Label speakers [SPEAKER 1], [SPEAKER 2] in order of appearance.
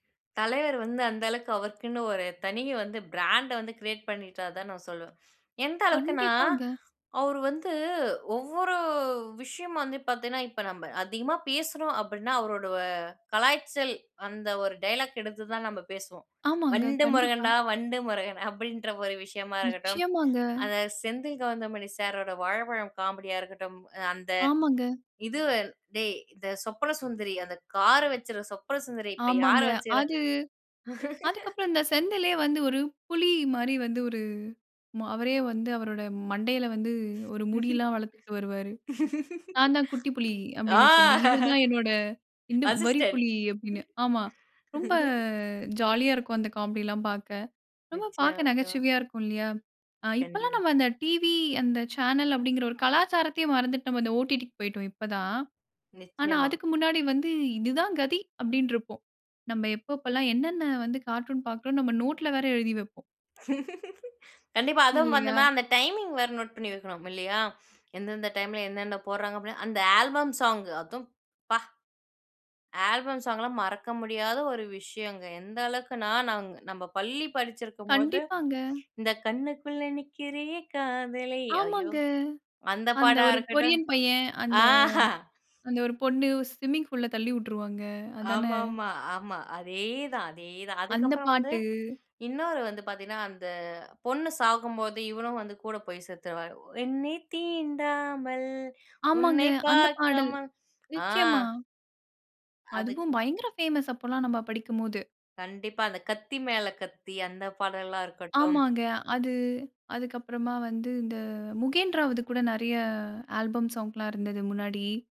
[SPEAKER 1] தலைவர் வந்து அந்த அளவுக்கு அவருக்குன்னு ஒரு தனி வந்து பிராண்ட் வந்து கிரியேட் பண்ணிட்டாருன்னு தான் நான் சொல்லுவேன். எந்த அளவுக்குனா
[SPEAKER 2] கண்டிப்பாங்க.
[SPEAKER 1] அவரு வந்து ஒவ்வொரு விஷயம் வந்து, பார்த்தீங்கன்னா இப்ப நம்ம அதிகமா பேசுறோம் அப்டின்னா அவரோட கலாய்ச்சல் அந்த ஒரு டயலாக் எடுத்து தான் நம்ம பேசுவோம்.
[SPEAKER 2] ஆமாங்க
[SPEAKER 1] "வண்டு முருகன்
[SPEAKER 2] கண்டிப்பா.
[SPEAKER 1] டா, வண்டு முருகன்" அப்டின்ற ஒரு விஷயமா இருக்கட்டும்.
[SPEAKER 2] நிச்சயமாங்க.
[SPEAKER 1] அந்த செந்தில், கவுந்தமணி சாரோட வாழபழம் காமெடியா இருக்கட்டும். அந்த
[SPEAKER 2] ஆமாங்க.
[SPEAKER 1] இது "டேய் இந்த சொப்பன சுந்தரி அந்த கார் வெச்சுற சொப்பன சுந்தரி இப்ப யார
[SPEAKER 2] ஆமாங்க.
[SPEAKER 1] வச்சிருக்கிற?"
[SPEAKER 2] அது அதுக்கப்புறம் இந்த செந்திலே வந்து ஒரு புலி மாரி, வந்து ஒரு அவரே வந்து அவருடைய மண்டையில வந்து ஒரு முடியெல்லாம் வளர்த்துட்டு வருவாரு."நான் தான் குட்டி புலி"
[SPEAKER 1] ஆ.
[SPEAKER 2] அப்டினு சொல்லி "இவர் தான் என்னோட
[SPEAKER 1] அசிஸ்டென்ட்,
[SPEAKER 2] வரிப்புலி" அப்டினு ஆமா.
[SPEAKER 1] ம்.
[SPEAKER 2] ரொம்ப ஜாலியா இருக்கும். அந்த காமெடிலாம் பார்க்க ரொம்ப
[SPEAKER 1] நிச்சயமா,
[SPEAKER 2] பார்க்க
[SPEAKER 1] நிச்சயமா.
[SPEAKER 2] நகைச்சுவையா இருக்கும் இல்லயா? அ இப்பல்லாம்
[SPEAKER 1] கண்டிப்பா.
[SPEAKER 2] நம்ம அந்த டிவி அந்த சேனல் அப்டின்கற ஒரு கலாச்சாரத்தையே மறந்துட்டு நம்ம அந்த ஓ. டி. டி க்கு போய்ட்டோம் இப்ப தான். ஆனா
[SPEAKER 1] நிச்சயமா.
[SPEAKER 2] அதுக்கு முன்னாடி வந்து இது தான் கதி அப்டினு இருப்போம். நம்ம எப்ப எப்பலாம் என்னென்ன வந்து கார்ட்டூன் பார்க்கிறோம் நம்ம நோட்ல வேற எழுதி வைப்போம்.
[SPEAKER 1] கண்டிப்பா, அதுவும் அந்த
[SPEAKER 2] இல்லையா?
[SPEAKER 1] மாரி அந்த டைமிங் வேற நோட் பண்ணி வைக்கணும், இல்லயா? எந்த எந்த டைம்ல என்னன்ன போட்றாங்க. அந்த ஆல்பம் சோங் அதுவும் யப்பா ஆல்பம் ஸாங் எல்லாம் மறக்க முடியாத ஒரு விஷயம்ங்க. எந்த அளவுக்குனா நம்ம பள்ளி படிச்சிருக்கும் போது
[SPEAKER 2] கண்டிப்பாங்க.
[SPEAKER 1] இந்த "கண்ணுக்குள்ள நிக்கிறியே காதலை ஐயோ!"
[SPEAKER 2] ஆமாங்க.
[SPEAKER 1] அந்த
[SPEAKER 2] அந்த
[SPEAKER 1] பாடா
[SPEAKER 2] ஒரு
[SPEAKER 1] இருக்கட்டும்.
[SPEAKER 2] கொரியன் பையன். அந்த
[SPEAKER 1] ஆஹா
[SPEAKER 2] அந்த 1 பொண்ணு ஸ்விம்மிங் பூல்ல தள்ளி விட்டுருவாங்க. அதான?
[SPEAKER 1] ஆமாமா, ஆமா. அதேதான் அதேதான்.
[SPEAKER 2] அந்த
[SPEAKER 1] அதுக்கப்புறம் வந்து
[SPEAKER 2] பாட்டு.
[SPEAKER 1] இன்னொரு வந்து பார்த்தீங்கன்னா அந்த பொண்ணு சாகும்போது இவனும் வந்து கூட போய் செத்துருவாரு. என்னை தீண்டாமல்
[SPEAKER 2] ஆமாங்க.
[SPEAKER 1] உன்னை
[SPEAKER 2] அந்த பாடல்.
[SPEAKER 1] பார்க்காம அ.
[SPEAKER 2] நிச்சயமா.
[SPEAKER 1] அதுக்கு
[SPEAKER 2] அதுவும் பயங்கர பேமஸ் அப்போலாம் நம்ம படிக்கும்போது.
[SPEAKER 1] கண்டிப்பா அந்த "கத்தி மேல கத்தி" அந்த பாடல்லாம் இருக்கட்டும்.
[SPEAKER 2] ஆமாங்க அது அதுக்கு அப்புறமா வந்து இந்த முகேந் ராவுது கூட நெறைய ஆல்பம் சாங்லாம் இருந்துது முன்னாடி.